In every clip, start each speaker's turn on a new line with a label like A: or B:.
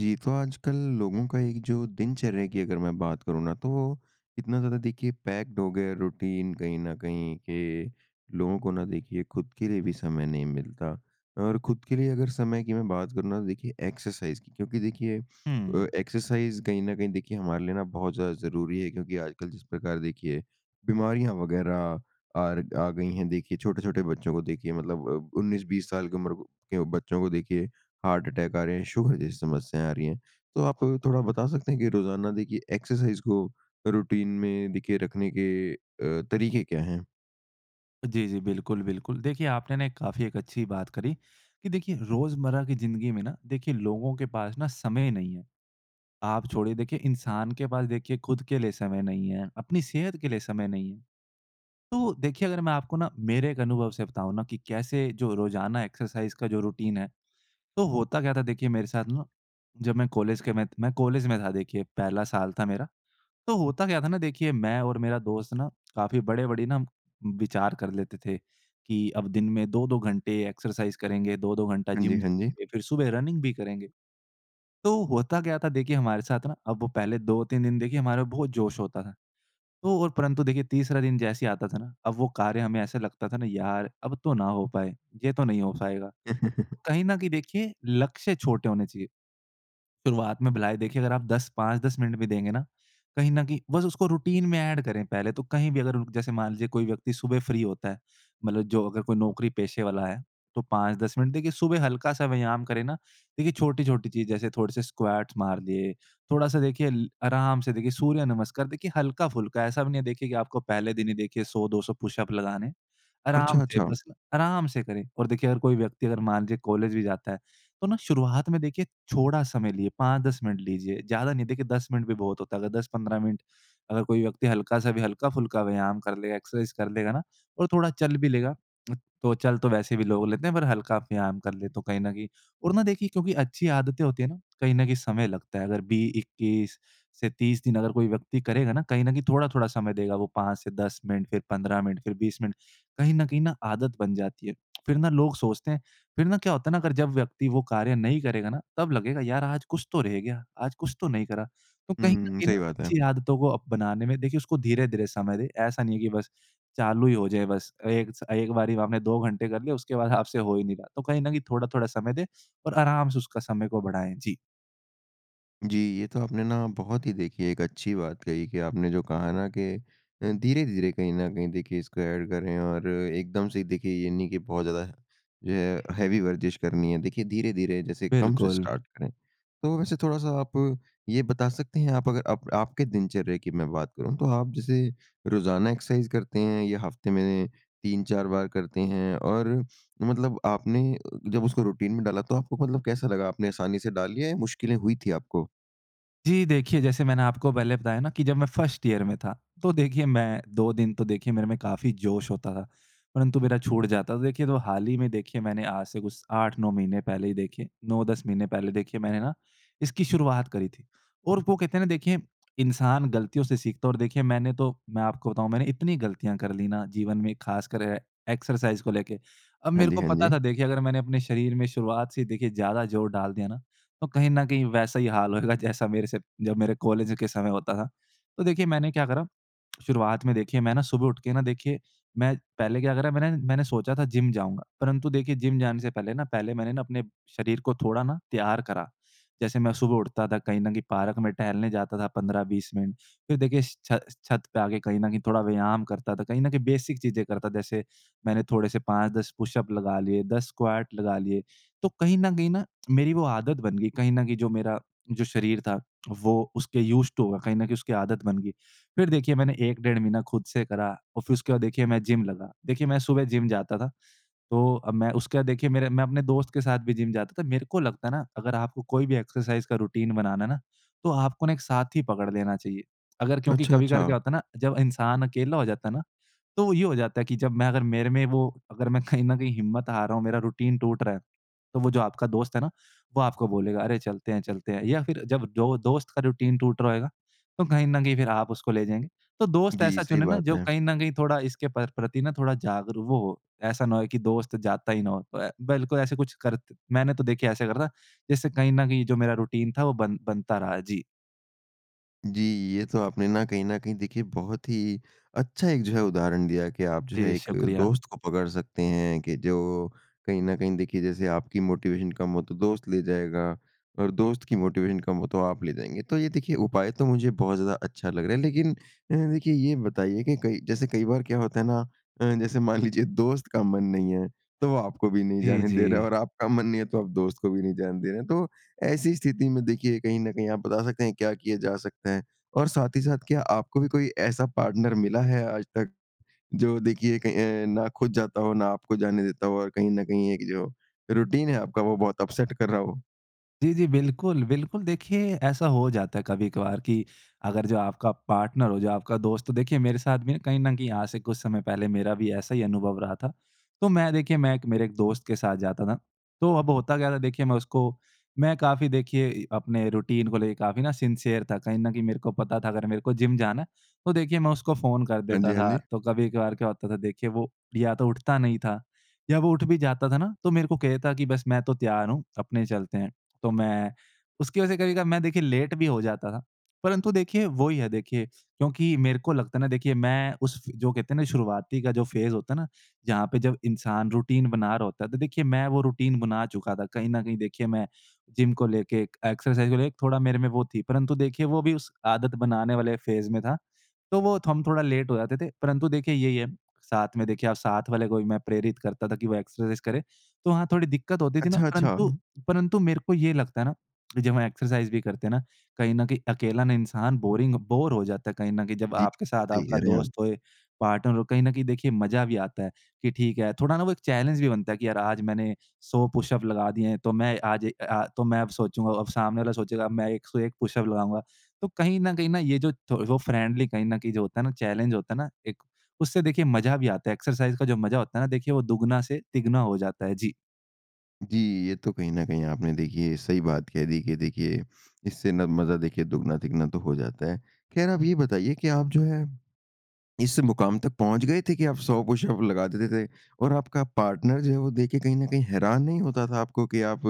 A: जी। तो आजकल लोगों का एक जो दिनचर्या की अगर मैं बात करूँ ना तो, इतना ज़्यादा देखिए पैक्ड हो गया रूटीन कहीं न कहीं कि, लोगों को ना देखिए खुद के लिए भी समय नहीं मिलता। और खुद के लिए अगर समय की मैं बात करूँ ना, तो देखिए एक्सरसाइज़ की क्योंकि, देखिए अ,
B: हुँ।
A: एक्सरसाइज़ कहीं न कहीं देखिए हमारे लिए ना बहुत ज़्यादा ज़रूरी है, क्योंकि आजकल जिस प्रकार देखिए, बीमारियाँ वग़ैरह आरग आ गई हैं। देखिए, छोटे-छोटे बच्चों को देखिए मतलब अ, 19-20 साल की उम्र के बच्चों को देखिए हार्ट-अटैक आ रहे हैं, शुगर जैसी समस्याएँ आ रही हैं। तो आप, थोड़ा बता सकते हैं कि, रोज़ाना देखिए एक्सरसाइज़ को रूटीन में देखिए रखने के अ, तरीके क्या हैं?
B: जी, जी। बिल्कुल, बिल्कुल। देखिए, आपने ना एक काफ़ी एक अच्छी बात करी कि, देखिए रोज़मर्रा की ज़िंदगी में ना देखिए लोगों के पास ना समय नहीं है। आप छोड़िए देखिए इंसान के पास देखिए खुद के लिए समय नहीं है, अपनी सेहत के लिए समय नहीं है। तो, देखिए अगर मैं आपको ना, मेरे एक अनुभव से बताऊँ ना कि कैसे जो रोज़ाना एक्सरसाइज़ का जो रूटीन है, तो होता क्या था देखिए मेरे साथ ना, जब मैं कॉलेज के मैं मैं कॉलेज में था देखिए पहला साल था मेरा। तो होता क्या था ना देखिए, मैं और मेरा दोस्त ना काफ़ी बड़े-बड़े ना विचार कर लेते थे, कि अब दिन में 2-2 घंटे एक्सरसाइज़ करेंगे, 2-2 घंटा
A: हाँ जी,
B: जिम
A: हाँ जी।
B: जाएँगे, फ़िर सुबह रनिंग भी करेंगे। तो होता क्या था, देखिए हमारे साथ ना, अब वो पहले 2-3 दिन देखिए हमारे बहुत जोश होता था। तो और परंतु देखिए तीसरा दिन जैसे ही आता था ना, अब वो कार्य हमें ऐसा लगता था ना यार अब तो ना हो पाए। ये तो नहीं हो पायेगा, कहीं न कहीं देखिए लक्ष्य छोटे होने चाहिए। शुरुआत में भला ही देखिए अगर आप 10, 5-10 मिनट भी देंगे ना, कहीं न कहीं, बस उसको रूटीन में एड करें पहले तो। कहीं भी अगर रुक जैसे मान लीजिए कोई व्यक्ति सुबह फ्री होता है, मतलब जो अगर कोई नौकरी पेशे वाला है, तो 5-10 मिनट देखिए सुबह हल्का-सा व्यायाम करें ना। देखिए छोटी-छोटी चीज़ जैसे थोड़े-से स्क्वेट मार लिए, थोड़ा-सा देखिए ल आराम से देखिए सूर्य नमस्कार। देखिए हल्का-फ़ुल्का, ऐसा भी नहीं है देखिए कि आपको पहले दिन ही देखिए 100-200 पुश-अप लगाने।
A: अच्छा,
B: आराम से
A: अच्छा!
B: बस, आराम से करें और देखिए अगर कोई व्यक्ति अगर मान लीजिए कॉलेज भी जाता है, तो ना शुरुआत में देखिए छोड़ा समय लीजिए, 5-10 मिनट लीजिए ज़्यादा नहीं, देखिए 10 मिनट भी बहुत होता है। अगर 10-15 मिनट अगर कोई व्यक्ति हल्का-सा भी हल्का-फ़ुल्का व्यायाम कर ले, एक्सरसाइज़ कर लेगा ना और थोड़ा चल भी लेगा उ तो चल तो वैसे भी लोग लेते हैं, पर हल्का व्यायाम कर लें तो कहीं न कहीं और ना देखिए क्योंकि अच्छी आदतें होती हैं ना, कहीं न कहीं समय लगता है। अगर बी 21 से 30 दिन अगर कोई व्यक्ति करेगा ना, कहीं न कहीं थोड़ा-थोड़ा समय देगा वो 5 से 10 मिनट, फ़िर 15 मिनट, फ़िर 20 मिनट, कहीं न कहीं न आदत बन जाती है। फ़िर ना लोग सोचते हैं फ़िर ना क्या होता है ना अगर जब व्यक्ति वो कार्य नहीं करेगा ना, तब लगेगा यार आज कुछ तो रह गया, आज कुछ तो नहीं करा। तो कहीं न
A: हुँ।
B: कहीं न
A: सही बात है।
B: अच्छी आदतों को अब बनाने में देखिए, उसको धीरे-धीरे समय दें। ऐसा नहीं है कि बस चालू ही हो जाए बस। एक स एक बारी में आपने 2 घंटे कर लिए उसके बाद आपसे हो ही नहीं रहा। तो कहीं न कहीं थोड़ा-थोड़ा समय दें और आराम से उसका समय को बढ़ाएँ। जी।
A: जी। ये तो आपने ना बहुत ही देखिए एक अच्छी बात कही कि आपने जो कहा ना कि अ, धीरे-धीरे कहीं न कहीं देखिए इसको एड करें और एकदम से ही देखिए ये नहीं कि बहुत ज़्यादा जो है हैवी वर्ज़िश करनी है देखिए धीरे-धीरे जैसे कम से
B: बिल्कुल।
A: स्टार्ट करें। तो वैसे थोड़ा-सा आप ये बता सकते हैं आप अगर आप आपके दिनचर्या की मैं बात करूँ तो आप जैसे रोज़ाना एक्सरसाइज़ करते हैं या हफ़्ते में 3-4 बार करते हैं और मतलब आपने जब उसको रूटीन में डाला तो आपको मतलब कैसा लगा आपने आसानी से डाल लिया या मुश्किलें हुई थी आपको?
B: जी। देखिए, जैसे मैंने आपको पहले बताया ना कि जब मैं फ़र्स्ट ईयर में था तो देखिए मैं 2 दिन तो देखिए मेरे में काफ़ी जोश होता था। परंतु मेरा छूट जाता तो देखिए तो हाल ही में देखिए मैंने आज से कुछ 8-9 महीने पहले ही देखिए 9-10 महीने पहले देखिए मैंने ना इसकी शुरुआत करी थी। और वो कहते हैं ना देखिए इंसान गलतियों से सीखता है और देखिए मैंने तो मैं आपको बताऊँ मैंने इतनी गलतियाँ कर ली ना जीवन में ख़ासकर ए एक्सरसाइज़ को लेके। अब
A: हाँ
B: मेरे
A: जी,
B: को
A: हाँ
B: पता
A: जी।
B: था देखिए अगर मैंने अपने शरीर में शुरुआत से देखिए ज़्यादा जोर डाल दिया ना तो कहीं न कहीं वैसा ही हाल होएगा जैसा मेरे से जब मेरे कॉलेज के समय होता था। तो देखिए मैंने क्या करा? शुरुआत में देखिए मैं ना सुबह उठ के ना देखिए मैं पहले क्या करा मैंने मैंने सोचा था जिम जाऊँगा। परंतु देखिए जिम जाने से पहले ना पहले मैंने ना अपने शरीर को थोड़ा ना तैयार करा। जैसे मैं सुबह उठता था, कहीं न कहीं पार्क में टहलने जाता था 15-20 मिनट। फ़िर देखिए श छ छत पे आके कहीं न कहीं थोड़ा व्यायाम करता था। कहीं न कहीं बेसिक चीज़ें करता था जैसे मैंने थोड़े से 5-10 पुशअप लगा लिए, 10 स्क्वाट लगा लिए। तो कहीं न कहीं न मेरी वो आदत बन गई कहीं न कहीं जो मेरा जो शरीर था वो उसके यूज़्ड टू होगा कहीं न कहीं उसकी आदत बन गई। फ़िर देखिए मैंने 1 डेढ़ महीना ख़ुद से करा और फ़िर उसके बाद देखिए मैं जिम लगा। देखिए मैं सुबह जिम जाता था। तो अब मैं उसके बाद देखिए मेरे मैं अपने दोस्त के साथ भी जिम जाता था। मेरे को लगता है ना अगर आपको कोई भी एक्सरसाइज़ का रूटीन बनाना है ना तो आपको ना एक साथी पकड़ लेना चाहिए। अगर क्योंकि
A: अच्छा,
B: कभी-कभार क्या
A: अच्छा।
B: होता ना जब इंसान अकेला हो जाता ना तो ये हो जाता है कि जब मैं अगर मेरे में वो अगर मैं कहीं न कहीं हिम्मत हार रहा हूँ मेरा रूटीन टूट रहा है तो वो जो आपका दोस्त है ना वो आपको बोलेगा अरे! चलते हैं, चलते हैं। या फ़िर जब जो दोस्त का रूटीन टूट रहा होएगा तो कहीं न कहीं फ़िर आप उसको ले जाएँगे। तो दोस्त
A: जी।
B: ऐसा
A: सही
B: चुने ना
A: बात
B: जो
A: है।
B: कहीं न कहीं थोड़ा इसके प्र प्रति ना थोड़ा जागरूक वो हो। ऐसा ना होए कि दोस्त जाता ही ना हो। तो अ, बिल्कुल ऐसे कुछ, करत मैंने तो देखिए ऐसे करा था जिससे कहीं न कहीं जो मेरा रूटीन था वो बन बनता रहा। जी।
A: जी। ये तो आपने ना कहीं न कहीं देखिए बहुत ही अच्छा एक जो है उदाहरण दिया कि आप जो
B: जी,
A: है एक अ,
B: शुक्रिया।
A: दोस्त को पकड़ सकते हैं कि जो कहीं न कहीं देखिए जैसे आपकी मोटिवेशन कम हो तो दोस्त ले जाएगा और दोस्त की मोटिवेशन कम हो तो आप ले जाएँगे। तो ये देखिए उपाय तो मुझे बहुत ज़्यादा अच्छा लग रहा है लेकिन अ, ह देखिए ये बताइए कि कई जैसे कई बार क्या होता है ना अ, जैसे मान लीजिए दोस्त का मन नहीं है तो वो आपको भी नहीं
B: जी,
A: जाने दे रहा है
B: जी।
A: और आपका मन नहीं है तो आप दोस्त को भी नहीं जाने दे रहे हैं। तो ऐसी स्थिति में देखिए कहीं न कहीं आप बता सकते हैं क्या किए जा सकते हैं? और साथ ही साथ क्या आपको भी कोई ऐसा पार्टनर मिला है आज तक जो देखिए कहीं अ, ना खुद जाता हो ना आपको जाने देता हो और कहीं न कहीं एक जो रूटीन है आपका वो बहुत अपसेट कर रहा हो?
B: जी, जी। बिल्कुल, बिल्कुल। देखिए ऐसा हो जाता है कभी-कभार कि अगर जो आपका पार्टनर हो जो आपका दोस्त तो देखिए मेरे साथ भी ना कहीं न कहीं यहाँ से कुछ समय पहले मेरा भी ऐसा ही अनुभव रहा था। तो मैं देखिए, मैं एक मेरे एक दोस्त के साथ जाता था। तो अब होता क्या था देखिए मैं उसको मैं काफ़ी देखिए इ अपने रूटीन को लेके काफ़ी ना सिंसियर था। कहीं न कहीं मेरे को पता था अगर मेरे को जिम जाना है तो देखिए मैं उसको फ़ोन कर
A: हाँ जी,
B: देता
A: हाँ
B: था
A: जी।
B: तो कभी-कभार क्या होता था देखिए वो या तो उठता नहीं था या वो उठ भी जाता था ना तो मेरे को कहता कि बस मैं तो तैयार हूँ, अपने चलते हैं। तो मैं उसकी वज़ह से कभी-कभार मैं देखिए लेट भी हो जाता था। परंतु देखिए, वो ही है देखिए, क्योंकि मेरे को लगता है ना, देखिए मैं उस फ़े जो कहते है ना शुरआती का जो फ़ेज़ होता है ना, जहाँ पे जब इंसान रूटीन बना रहा होता है तो देखिए मैं वो रूटीन बना चुका था। कहीं न कहीं देखिए मैं जिम को लेके एक एक्सरसाइज़ को लेके थोड़ा मेरे में वो थी परंतु देखिए वो भी उस आदत बनाने वाले फ़ेज़ में था। तो वो थ हम थोड़ा लेट हो जाते थे परंतु देखिए यही है, साथ में देखिए आप साथ वाले को भी मैं प्रेरित करता था कि वो एक्सरसाइज़ करे, तो वहाँ थोड़ी दिक्कत होती थी ना।
A: अच्छा, अच्छा।
B: परंतु
A: उहुँ।
B: परंतु मेरे को ये लगता है ना कि, जब हम एक्सरसाइज़ भी करते हैं ना, कहीं न कहीं अकेला ना इंसान बोरिंग बोर हो जाता है कहीं न कहीं जब
A: जी।
B: आपके साथ
A: सही
B: आपका
A: कह रहे हैं
B: दोस्त
A: आप।
B: होए, पार्टनर हो कहीं न कहीं देखिए मज़ा भी आता है कि ठीक है, थोड़ा ना वो एक चैलेंज भी बनता है कि यार आज मैंने 100 पुश-अप लगा दिए हैं तो मैं आज ए, अ आ तो मैं अब सोचूँगा अब सामने वाला सोचेगा मैं 101 पुश-अप लगाऊँगा। तो कहीं न कहीं न ये जो थो वो फ्रेंडली कहीं न कहीं जो होता है ना चैलेंज होता है ना, एक? उससे देखिए मज़ा भी आता है। एक्सरसाइज़ का जो मज़ा होता है ना, देखिए वो दुगुना से तिगुना हो जाता है जी।
A: जी। ये तो कहीं न कहीं आपने देखिए सही बात कह दी। देखिए देखिए इससे न मज़ा देखिए दुगना-तिगुना तक हो जाता है। ख़ैर आप ये बताइए कि आप जो है, इस मुकाम तक पहुँच गए थे कि आप 100 पुश-अप लगा देते थे? और आपका पार्टनर जो है वो देख के कहीं न कहीं हैरान नहीं होता था, आपको कि आप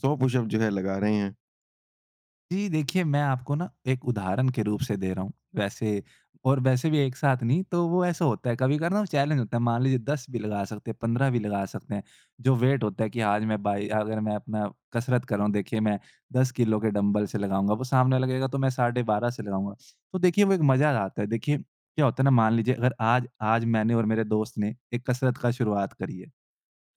A: 100 पुश-अप जो है लगा रहे हैं?
B: जी। देखिए मैं आपको ना एक उदाहरण के रूप से दे रहा हूँ। वैसे और वैसे भी एक साथ नहीं तो वो ऐसा होता है कभी-कभार ना वो चैलेंज़ होता है। मान लीजिए 10 भी लगा सकते हैं 15 भी लगा सकते हैं। जो वेट होता है कि आज मैं भाई अगर मैं अपना कसरत कर रहा हूँ देखिए मैं 10 किलो के डँबल से लगाऊँगा वो सामने लगेगा तो मैं साढ़े 12 से लगाऊँगा। तो देखिए वो एक मज़ा आता है। देखिए क्या होता है ना मान लीजिए अगर आज आज मैंने और मेरे दोस्त ने एक कसरत का शुरुआत करी है।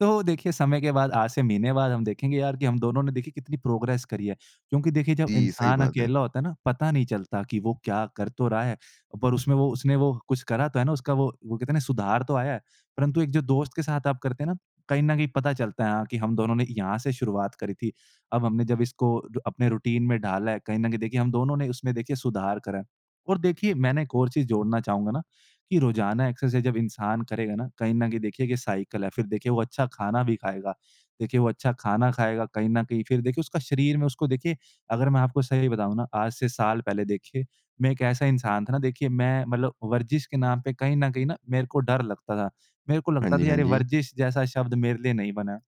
B: तो देखिए समय के बाद आज से महीने बाद हम देखेंगे यार कि हम दोनों ने देखिए कितनी प्रोग्रेस करी है। क्योंकि देखिए जब
A: जी। ये सही
B: इंसान
A: बात है।
B: अकेला होता है ना पता नहीं चलता कि वो क्या कर तो रहा है, पर उसमें वो उसने वो कुछ करा तो है ना उसका वो वो कहते है ना सुधार तो आया है। परंतु एक जो दोस्त के साथ आप करते हैं ना, कहीं न कहीं पता चलता है कि हम दोनों ने यहाँ से शुरुआत करी थी। अब हमने जब इसको अपने रूटीन में डाला है कहीं न कहीं देखिए हम दोनों ने उसमें देखिए सुधार करा है। और देखिए मैंने एक और चीज़ जोड़ना चाहूँगा ना कि रोजाना एक्सरसाइज़ जब इंसान करेगा ना, कहीं न कहीं देखिए कि साइकल है। फ़िर देखिए वो अच्छा खाना भी खाएगा। देखिए वो अच्छा खाना खाएगा कहीं न कहीं। फ़िर देखिए उसका शरीर में उसको देखिए अगर मैं आपको सही बताऊँ ना, आज से साल पहले देखिए मैं एक ऐसा इंसान था ना देखिए मैं मतलब वर्जिश के नाम पे कहीं न कहीं न मेरे को डर लगता था। मेरे को
A: हाँ
B: लगता
A: जी,
B: था
A: हाँ
B: यार
A: जी।
B: वर्जिश जैसा शब्द मेरे लिए नहीं बना।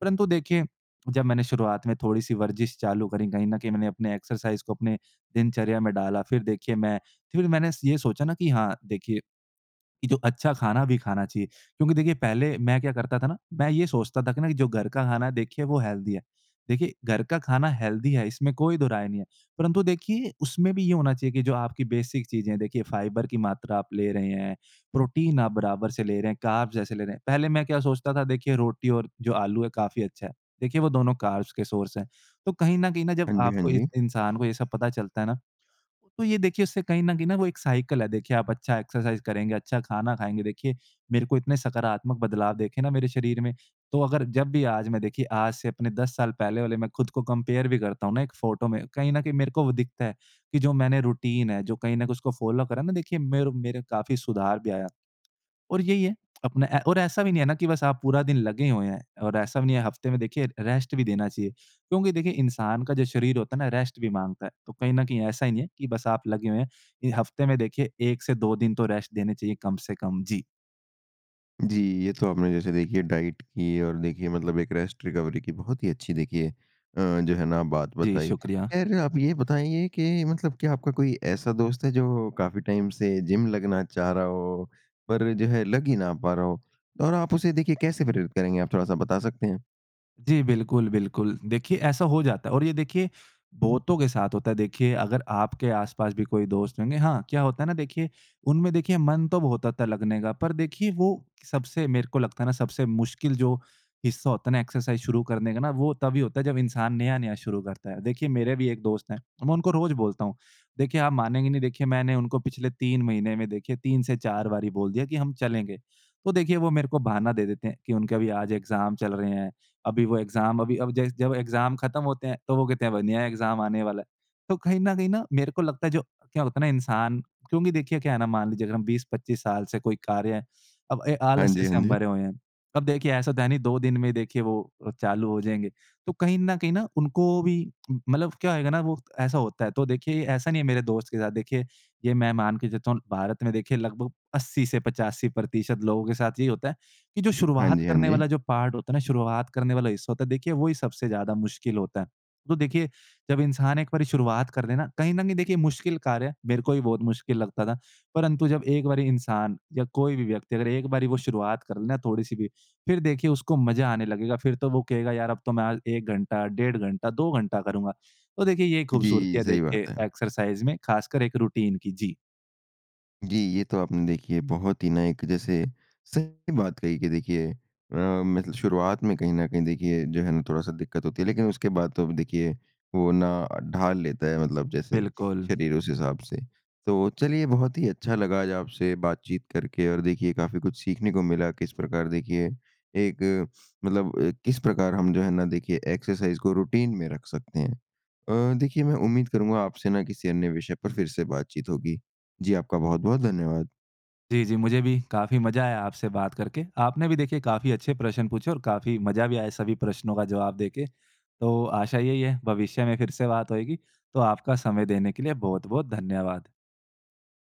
B: परंतु देखिए जब मैंने शुरुआत में थोड़ी-सी वर्जिश चालू करी। कहीं न कहीं मैंने अपने एक्सरसाइज़ को अपने दिनचर्या में डाला, फ़िर देखिए मैं फ़िर मैंने ये सोचा ना कि हाँ देखिए कि जो अच्छा खाना भी खाना चाहिए। क्योंकि देखिए पहले मैं क्या करता था ना मैं ये सोचता था कि जो घर का खाना है देखिए वो हेल्दी है। देखिए घर का खाना हेल्दी है इसमें कोई दोहराय नहीं है। परंतु देखिए उसमें भी ये होना चाहिए की जो आपकी बेसिक चीज़ें है देखिए फ़ाइबर की मात्रा आप ले रहे हैं। प्रोटीन आप बराबर से ले रहे हैं, कार्ब्स ऐसे ले रहे हैं। पहले मैं क्या सोचता था देखिए रोटी और जो आलू है काफ़ी अच्छा है। देखिए वो दोनों कार्ब्स के सोर्स है। तो कहीं न कहीं न जब
A: हाँ जी, हाँ
B: आपको एक
A: जी।
B: इंसान को ये सब पता चलता है ना तो ये देखिए उससे कहीं न कहीं न वो एक साइकल है। देखिए आप अच्छा एक्सरसाइज़ करेंगे, अच्छा खाना खाएँगे। देखिए मेरे को इतने सकारात्मक बदलाव देखे ना मेरे शरीर में तो अगर जब भी आज मैं देखिए आज से अपने 10 साल पहले वाले मैं ख़ुद को कंपेयर भी करता हूँ ना एक फ़ोटो में कहीं न कहीं मेरे को वो दिखता है कि जो मैंने रूटीन है, जो कहीं न कहीं उसको फ़ॉलो करा है ना देखिए मेरे मेरे काफ़ी सुधार भी आया। और यही है अपना ए और ऐसा भी नहीं है ना कि बस आप पूरा दिन लगे हुए हैं। और ऐसा भी नहीं है हफ़्ते में देखिए रेस्ट भी देना चाहिए। क्योंकि देखिए इंसान का जो शरीर होता है ना रेस्ट भी माँगता है। तो कहीं न कहीं ऐसा ही नहीं है कि बस आप लगे हुए हैं। इ हफ़्ते में देखिए 1 से 2 दिन तो रेस्ट देने चाहिए कम से कम। जी।
A: जी। ये तो आपने जैसे देखिए डाइट की और देखिए मतलब एक रेस्ट रिकवरी की बहुत ही अच्छी देखिए अ, जो है ना बात
B: जी,
A: बताई।
B: शुक्रिया।
A: ख़ैर आप ये बताइए कि मतलब क्या आपका कोई ऐसा दोस्त है? जो काफ़ी टाइम से जिम लगना चाह रहा हो, पर जो है लग ही ना पा रहा हो? और आप उसे देखिए कैसे प्रेरित करेंगे आप थोड़ा-सा बता सकते हैं?
B: जी। बिल्कुल, बिल्कुल। देखिए ऐसा हो जाता है और ये देखिए बहुतों के साथ होता है। देखिए अगर आपके आसपास भी कोई दोस्त होंगे हाँ क्या होता है ना देखिए उनमें देखिए मन तो बहुत होता लगने का। पर देखिए वो सबसे मेरे को लगता है ना सबसे मुश्किल जो हिस्सा होता है ना एक्सरसाइज़ शुरू करने का ना वो तभी होता है जब इंसान नया-नया शुरू करता है। देखिए मेरे भी एक दोस्त है, मैं उनको रोज बोलता हूँ। देखिए आप मानेंगे नहीं देखिए मैंने उनको पिछले 3 महीने में देखिए 3-4 बारी बोल दिया कि हम चलेंगे। तो देखिए वो मेरे को बहाना दे देते हैं कि उनके अभी आज एग्ज़ाम चल रहे हैं। अभी वो एग्ज़ाम अभी अभी जब जै जब एग्ज़ाम ख़त्म होते हैं तो वो कहते हैं अब नया एग्ज़ाम आने वाला है। तो कहीं न कहीं न मेरे को लगता है जो क्या होता है ना इंसान क्योंकि देखिए क्या है ना मान लीजिए अगर हम 20-25 साल से कोई कार्य है अब अ,
A: हाँ
B: आलस्य
A: जी,
B: से
A: हाँ
B: हम
A: जी।
B: भरे हुए हैं। अब देखिए ऐसा तो है नहीं दो दिन में देखिए वो अ, चालू हो जाएँगे। तो कहीं न कहीं न उनको भी मतलब क्या होएगा ना वो ऐसा होता है। तो देखिए ऐसा नहीं है मेरे दोस्त के साथ देखिए ये मैं मान के चलता हूँ भारत में देखिए लगभग 80-85 प्रतिशत लोगों के साथ यही होता है कि जो
A: हाँ
B: शुरुआत
A: जी, हाँ
B: करने वाला
A: जी।
B: जो पार्ट होता है ना शुरुआत करने वाला हिस्सा होता है देखिए वही सबसे ज़्यादा मुश्किल होता है। तो देखिए जब इंसान एक बारी शुरुआत कर लेना कहीं न कहीं देखिए मुश्किल कार्य है मेरे को भी बहुत मुश्किल लगता था परंतु जब एक बारी इंसान या कोई भी व्यक्ति अगर एक बारी वो शुरुआत कर लेना थोड़ी-सी भी फ़िर देखिए उसको मज़ा आने लगेगा। फ़िर तो वो कहेगा यार अब तो मैं आज 1 घंटा, डेढ़ घंटा, 2 घंटा करूँगा। तो देखिए ये खूबसूरती
A: जी।
B: है
A: सही
B: देखिए
A: बात है।
B: एक्सरसाइज़ में ख़ासकर एक रूटीन की। जी।
A: जी। ये तो आपने देखिए बहुत ही ना एक जैसे सही बात कही कि देखिए अ, मतलब शुरुआत में कहीं न कहीं देखिए जो है ना थोड़ा-सा दिक्कत होती है। लेकिन उसके बाद तो अब देखिए वो ना ढाल लेता है, मतलब जैसे
B: बिल्कुल।
A: शरीर उस हिसाब से। तो चलिए बहुत ही अच्छा लगा आज आपसे बातचीत करके और देखिए काफ़ी कुछ सीखने को मिला किस प्रकार देखिए एक मतलब अ, किस प्रकार हम जो है ना देखिए एक्सरसाइज़ को रूटीन में रख सकते हैं। अ, देखिए मैं उम्मीद करूँगा आपसे न किसी अन्य विषय पर फ़िर से बातचीत होगी। जी आपका बहुत-बहुत धन्यवाद।
B: जी, जी। मुझे भी काफ़ी मज़ा आया आपसे बात करके। आपने भी देखिए काफ़ी अच्छे प्रश्न पूछे और काफ़ी मज़ा भी आया सभी प्रश्नों का जवाब देके। तो आशा यही है भविष्य में फ़िर से बात होएगी। तो आपका समय देने के लिए बहुत-बहुत धन्यवाद।